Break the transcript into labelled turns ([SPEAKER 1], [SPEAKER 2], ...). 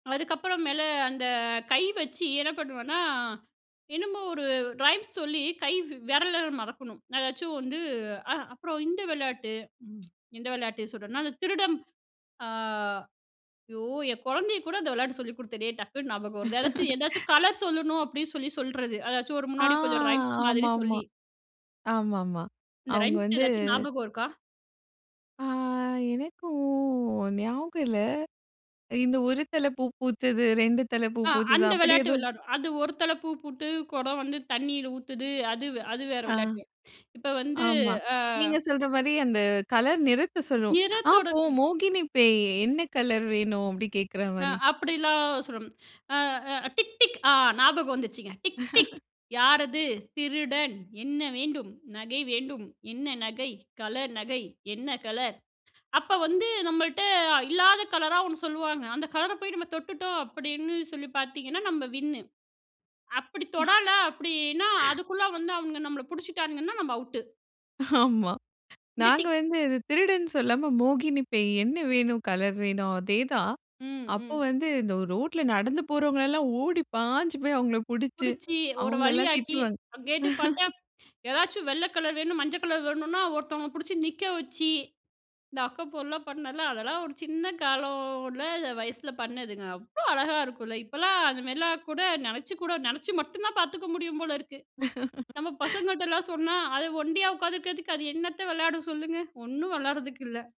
[SPEAKER 1] அதுக்கப்பறம் மேல அந்த கை வச்சு என்ன பண்ணுவேன்னா, என்னமோ ஒரு ரைம்ஸ் சொல்லி கை வ் விரல மடக்கணும். ஏதாச்சும் வந்து, அ அப்புறம் இந்த விளையாட்டு இந்த விளையாட்டு சொல்றன்னா, அந்த திருடன் அ ஐயோ! என் கொழந்தைய கூட அந்த விளையாட்டு சொல்லிக் குடுத்தனே! டக்குனு ஞாபகம் வருது ஏதாச்சும், ஏதாச்சும் கலர் சொல்லணும் அப்பிடின்னு சொல்லி சொல்லுறது. ஏதாச்சும் ஒரு
[SPEAKER 2] ஆ.
[SPEAKER 1] முன்னாடி கொஞ்சம் ரைம்ஸ்
[SPEAKER 2] ஆமா,
[SPEAKER 1] மாதிரி
[SPEAKER 2] ஆமா.
[SPEAKER 1] சொல்லி.
[SPEAKER 2] ஆமா, ஆமா.
[SPEAKER 1] இந்த
[SPEAKER 2] அவுங்க
[SPEAKER 1] ரைம்ஸ்
[SPEAKER 2] வந்து
[SPEAKER 1] எதாச்சும் ஞாபகம் இருக்கா?
[SPEAKER 2] ஆ, எனக்கும் ஞாபகம் இல்ல. இந்த ஒரு தல பூ பூத்தது 2 தல பூ
[SPEAKER 1] ஆ,
[SPEAKER 2] பூத்தது,
[SPEAKER 1] அந்த
[SPEAKER 2] அப்பிடி
[SPEAKER 1] விளையாட்டு
[SPEAKER 2] எதுவும்
[SPEAKER 1] விளையாடுவோம். அது ஒரு தல பூ போட்டு குடம் வந்து தண்ணீயில ஊத்துது அது, அது வேற
[SPEAKER 2] அ,
[SPEAKER 1] விளையாட்டு. இப்ப வந்து
[SPEAKER 2] ஆமா.
[SPEAKER 1] அ
[SPEAKER 2] நீங்க சொல்றமாரி அந்த கலர் நிறத்த சொல்லும். ஆ
[SPEAKER 1] நிறத்தோட
[SPEAKER 2] போ மோகினி பேய்! என்ன கலர் வேணும்? அப்பிடி
[SPEAKER 1] அ,
[SPEAKER 2] கேட்கிறமாரி.
[SPEAKER 1] அப்பிடிலாம் [unintelligible] அ அ டிக், டிக் ஆ ஞாபகம் வந்துச்சுங்க. டிக், டிக் யாரது, திருடன். என்ன வேண்டும்? நகை வேண்டும். என்ன நகை? கலர் நகை. என்ன கலர்? அப்ப வந்து நம்மள்ட்ட இல்லாத கலரா ஒண்ணு சொல்லுவாங்க. அந்த கலர போய் நம்ம தொட்டுட்டோம் அப்பிடின்னு சொல்லி பாத்தீங்கன்னா, நம்ம வின் அப்பிடி தொடல அப்பிடின்னா அதுக்குள்ள வந்து அவுங்க நம்மள பிடிச்சிட்டான்னுங்கன்னா, நம்ம அவுட்டு.
[SPEAKER 2] ஆமா.
[SPEAKER 1] இந்த
[SPEAKER 2] நாங்க
[SPEAKER 1] டிக்
[SPEAKER 2] வந்து இது திருடன்னு சொல்லாம, மோகினி பேய் "என்ன வேணும்? கலர் வேணும்." அதே தான்.
[SPEAKER 1] ம்,
[SPEAKER 2] அப்போ
[SPEAKER 1] ம்.
[SPEAKER 2] வந்து இந்த ரோட்ல நடந்து போறவுங்கள எலலாம் ஓடி பாஞ்சு போய் அவுங்கள புடிச்சி,
[SPEAKER 1] பிடிச்சு ஒரு
[SPEAKER 2] அவுங்கலாம்
[SPEAKER 1] வழியாக்கி,
[SPEAKER 2] திட்டுவாங்க.
[SPEAKER 1] அங்க கேட்டப் பாத்தா, ஏதாச்சும் வெள்ள கலர் வேணும், மஞ்சள் கலர் வேணுன்னா ஒருத்தவுங்கள பிடிச்சு நிற்க வச்சி, இந்த அக்கப்போர்லாம் பண்ணல, அதெல்லாம் ஒரு சின்ன காலம்ல வயசுல பண்ணதுங்க. அவ்ளோ அழகா இருக்கும்ல. இப்பலாம் அந்தமாரிலாம் கூட, நினைச்சு கூட, நினைச்சி மட்டும் தான் பாத்துக்க முடியும் போல இருக்கு. நம்ம பசங்கிட்டலாம் சொன்னா, அது ஒன்டியா உக்காந்துருக்கிறதுக்கு அது என்னத்த விளையாட சொல்லுங்க, ஒன்னும் விளையாடறதுக்கு இல்ல.